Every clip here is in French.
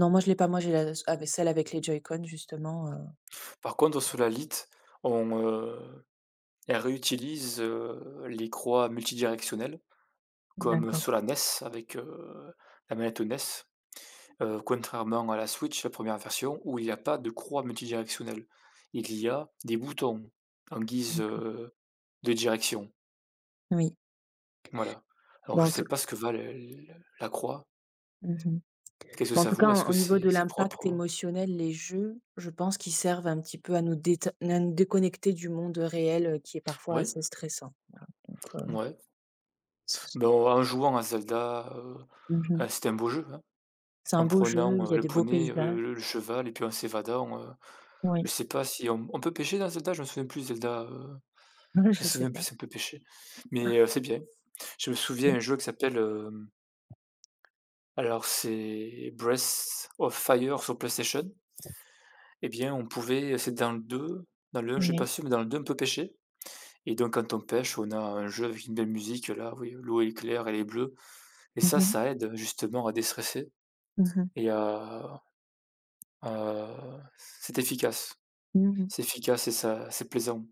Non, moi je l'ai pas, moi j'ai la s av celle avec les joycon, justement, heu Par contre, Solalite on, heu, elle réutilise, heu, les croix multidirectionnelles comme D'accord. Solanes avec, heu, la manette Ones. Heu, contrairement à la Switch, la 1re version où il y a pas de croix multidirectionnelle. Il y a des boutons en guise, D'accord. heu, de direction. Oui. Voilà. Alors, Bon, je en tout sais c pas ce que valent, heu, l la croix. Mmh mh, Qu'est-ce que bah, en ça tout cas, vaut? Est-ce en que au niveau c'est de c'est l'impact propre? émotionnel, les jeux, je pense qu'ils servent un petit peu à nous dét naine déconnecter du monde réel, heu, qui est parfois Oui. assez stressant. Voilà donc, heu Mouais. c Bon, en jouant à Zelda, heu, Mmh mh. ah c'est un beau jeu, hein, C'est un en beau jeu, il prenant, y heu, a le des beaux poney, paysages. heu, le cheval et puis, en s'évadant, heu, je Oui. sais pas si on on peut pêcher dans Zelda? Je me souviens plus de Zelda, heu, je me Je sais souviens plus pas. si on peut pêcher, Ah. mais heu, c'est bien, je me souviens Mmh. un jeu qui s'appelle, hem alors, c'est Breath of Fire sur PlayStation et bien, on pouvait c'est dans le 2, dans le 1 je suis Oui. pas sûr mais dans le 2 on peut pêcher. Et donc quand on pêche, on a un jeu avec une belle musique là, oui, l'eau est claire, elle est bleue et Mmh ça, mh. ça aide, heu, justement, à déstresse Mmh mh. et à heu c'est efficace. Mmh mh. C'est efficace et ça c'est plaisant.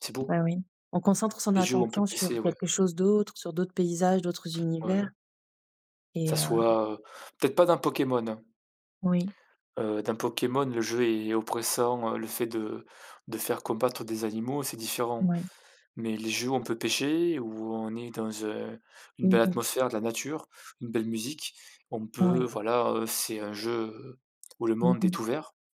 C'est beau. Bah, oui, on concentre son Les jeux où on peut attention sur pêcher, ouais. quelque chose d'autre, sur d'autres paysages, d'autres univers Ouais. Que ça et heu soit peut-être pas dans Pokémon, hein. Oui. Heu, dans Pokémon, le jeu est oppressant, heu, le fait de de faire combattre des animaux, c'est différent, Ouais. mais les jeux où on peut pêcher, où on est dans, heu, une Mmh belle mh. atmosphère de la nature, une belle musique, on peut Oui. voilà, heu, c'est un jeu où le Mmh monde mh. est ouvert.